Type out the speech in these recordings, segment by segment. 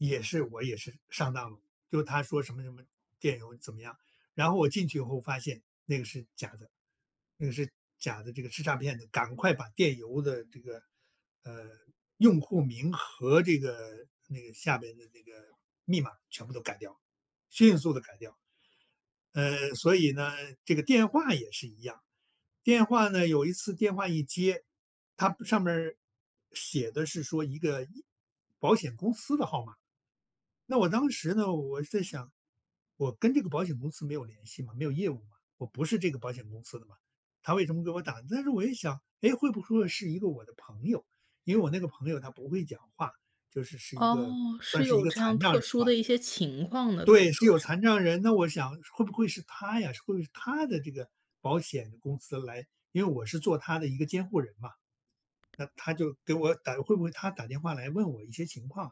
也是我也是，上当了，就他说什么什么，电邮怎么样。然后我进去以后发现那个是假的那个是假的，这个是诈骗的，赶快把电邮的这个，呃，用户名和这个那个下面的那个密码全部都改掉，迅速地改掉。嗯，所以呢，这个电话也是一样。电话呢，有一次电话一接，它上面儿，写的是说一个一保险公司的号码。那我当时呢，我在想：“我跟这个保险公司没有联系嘛，没有业务，我不是这个保险公司的嘛，它为什么给我打？“但是我一想“哎，会不会是一个我的朋友”，因为我那个朋友他不会讲话，就是是一个哦，算是是一有个这样残障特人殊的吧。一些情况呢，可以对，是说有是。残障人，那我想会不会是他呀？会不会是他的这个保险公司来因为我是做他的一个监护人嘛。那它就给我打会不会它打电话来问我一些情况。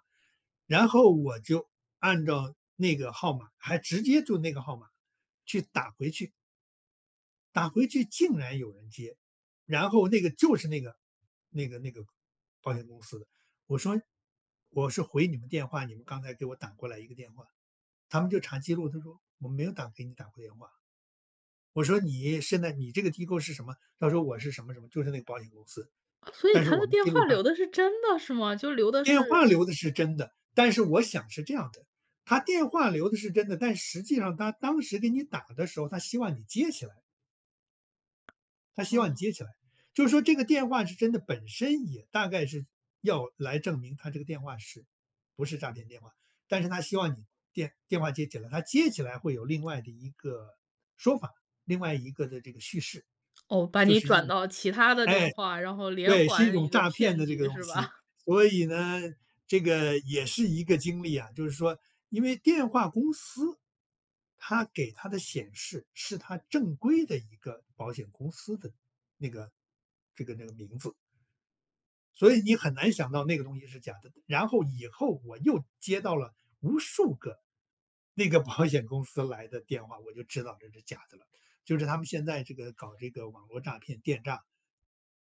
然后我就按照那个号码，还直接就那个号码，去打回去。打回去竟然有人接，然后那个就是那个那个那个保险公司的，我说：“我是回你们电话，你们刚才给我打过来一个电话。”它们就查记录，它说：”我没有打给你打过电话。“我说：“你现在你这个机构是什么？”它说“我是什么什么“，就是那个保险公司，所以“但是他我的们电记话录上”留的是真的是吗？就留的电话是留的是真的，但是我想是这样的，它电话留的是真的，但实际上它当时给你打的时候，它希望你接起来它希望你哦。接起来，就是说这个电话是真的本身也大概是，要来证明它这个电话是不是诈骗电话，但是它希望你电电话接起来，它接起来会有另外的一个说法，另外一个的这个叙事。就是一哦，把你转到其他的电哎，话，然后连对，是一环种一个诈骗骗的这个局东是西。吧？所以呢，这个也是一个经历啊，就是说因为电话公司它给它的显示是它正规的一个保险公司的那个这个那名字。所以你很难想到那个东西是假的，然后以后我又接到了无数个那个保险公司来的电话，我就知道这是假的了，就是他们现在这个搞这个网络诈骗电诈，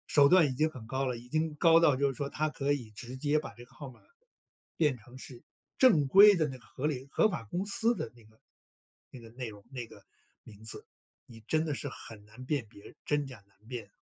手段已经很高了，已经高到就是说它可以直接把这个号码，变成是正规的那个合理合法公司的那个那个内容、那个名字。你真的是很难辨别，真假难辨。